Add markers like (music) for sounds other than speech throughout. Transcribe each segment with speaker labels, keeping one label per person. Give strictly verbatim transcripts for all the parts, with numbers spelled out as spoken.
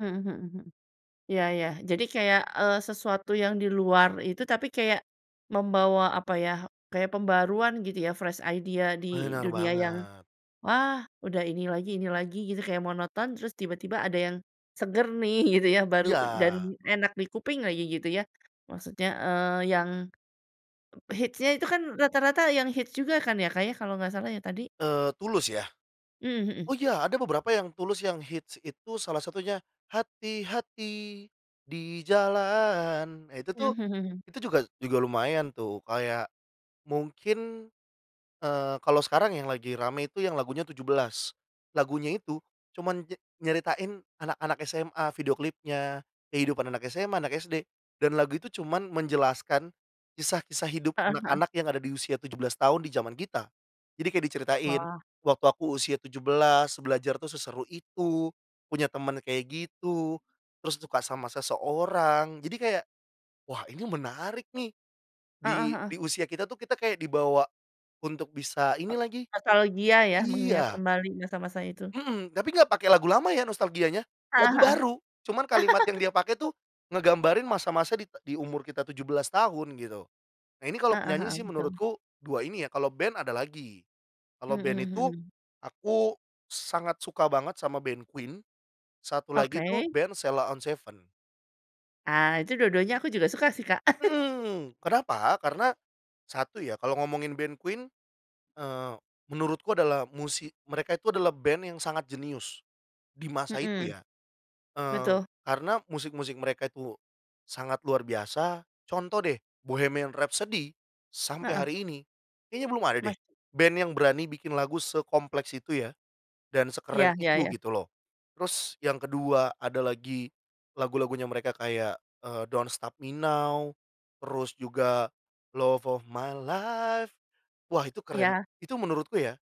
Speaker 1: Mhm mhm mhm, iya iya. Jadi kayak, eee, sesuatu yang di luar itu, tapi kayak membawa apa ya, kayak pembaruan gitu ya, fresh idea di
Speaker 2: Benar
Speaker 1: dunia yang,
Speaker 2: banget.
Speaker 1: wah udah ini lagi ini lagi gitu kayak monoton, terus tiba-tiba ada yang seger nih, gitu ya, baru dan
Speaker 2: Iya.
Speaker 1: enak di kuping lagi gitu ya, maksudnya, eee, yang e hitsnya itu kan rata-rata yang hits juga kan ya, Kak, ya, kalau nggak salah ya, tadi?
Speaker 2: Eee, Tulus ya?
Speaker 1: Mhm mhm.
Speaker 2: Oh, iya, ada beberapa yang Tulus yang hits, itu salah satunya hati-hati di jalan. Ah, itu
Speaker 1: Mhm
Speaker 2: tuh,
Speaker 1: mhm mhm.
Speaker 2: itu juga juga lumayan tuh, kayak mungkin, eee, kalau sekarang yang lagi rame itu yang lagunya Tujuh Belas. Lagunya itu cuman nye nyeritain anak-anak SMA, video klipnya, kehidupan anak SMA, anak SD dan lagu itu cuman menjelaskan kisah-kisah hidup
Speaker 1: Heeh heeh.
Speaker 2: anak-anak yang ada di usia tujuh belas tahun di zaman kita. Jadi kayak diceritain,
Speaker 1: Wah.
Speaker 2: waktu aku usia tujuh belas, belajar tuh, seseru itu, punya teman kayak gitu, terus suka sama seseorang. Jadi kayak, wah ini menarik nih.
Speaker 1: Heeh
Speaker 2: Di
Speaker 1: heeh.
Speaker 2: di usia kita tuh, kita kayak dibawa untuk bisa ini lagi
Speaker 1: Nostalgia ya? Mengingat
Speaker 2: iya.
Speaker 1: kembali masa-masa itu.
Speaker 2: Hmm, tapi nggak pakai lagu lama ya, nostalgianya.
Speaker 1: Heeh
Speaker 2: Lagu
Speaker 1: heeh.
Speaker 2: baru, cuman kalimat yang
Speaker 1: (chuckles)
Speaker 2: dia pakai tuh ngegambarin masa-masa dit di umur kita tujuh belas tahun gitu. Nah ini kalau
Speaker 1: Heeh
Speaker 2: penyanyi
Speaker 1: heeh,
Speaker 2: sih
Speaker 1: betul.
Speaker 2: menurutku dua ini ya, kalau band ada lagi. Kalau
Speaker 1: Mhm
Speaker 2: band
Speaker 1: mhm
Speaker 2: itu
Speaker 1: mhm.
Speaker 2: aku sangat suka banget sama band Queen, satu lagi tuh
Speaker 1: Oke.
Speaker 2: band Sheila on 7.
Speaker 1: Ah, itu dua-duanya aku juga suka sih, Kak. (chuckles)
Speaker 2: Hmm, kenapa? Karena satu ya, kalo ngomongin band Queen, eee, menurutku adalah musik mereka itu adalah band yang sangat jenius, di masa itu
Speaker 1: Mhm,
Speaker 2: ya. Eee,
Speaker 1: betul.
Speaker 2: karena musik-musik mereka itu sangat luar biasa. Contoh deh, Bohemian Rhapsody, sampai
Speaker 1: Heeh.
Speaker 2: hari ini, kayaknya belum ada deh,
Speaker 1: Mas
Speaker 2: band yang berani bikin lagu sekompleks itu ya, dan sekeren
Speaker 1: Iya, ya
Speaker 2: itu
Speaker 1: ya.
Speaker 2: gitu loh. Terus yang kedua, ada lagi lagu-lagunya mereka kayak, eee, Don't Stop Me Now, terus juga love of my life, wah, itu keren.
Speaker 1: Iya.
Speaker 2: Itu menurutku ya,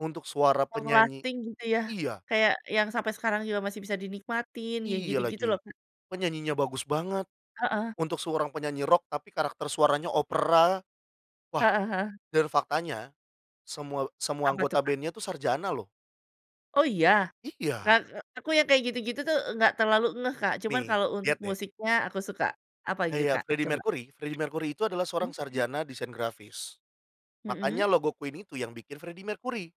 Speaker 2: untuk suara
Speaker 1: Long
Speaker 2: penyanyi
Speaker 1: lasting gitu ya,
Speaker 2: iya.
Speaker 1: kayak yang sampai sekarang juga masih bisa dinikmatin, yang
Speaker 2: Iya
Speaker 1: gitu-gitu loh,
Speaker 2: lagi,
Speaker 1: Kak.
Speaker 2: penyanyinya bagus banget.
Speaker 1: Heeh.
Speaker 2: Untuk seorang penyanyi rock, tapi karakter suaranya opera. Wah,
Speaker 1: Heeh heeh.
Speaker 2: dan faktanya semua semua
Speaker 1: Apa tuh,
Speaker 2: anggota
Speaker 1: Kak?
Speaker 2: band-nya tuh sarjana loh.
Speaker 1: Oh, iya?
Speaker 2: Iya.
Speaker 1: Kakak aku yang kayak gitu-gitu tuh, nggak terlalu ngeh, Kak, cuman
Speaker 2: Nih,
Speaker 1: kalau untuk
Speaker 2: lihat deh.
Speaker 1: musiknya aku suka, apa gitu, Kak,
Speaker 2: Kayak Freddie
Speaker 1: coba?
Speaker 2: Mercury. Freddie Mercury itu adalah seorang
Speaker 1: Mhm mhm.
Speaker 2: sarjana desain grafis,
Speaker 1: Mhm.
Speaker 2: makanya logo Queen itu yang bikin Freddie Mercury.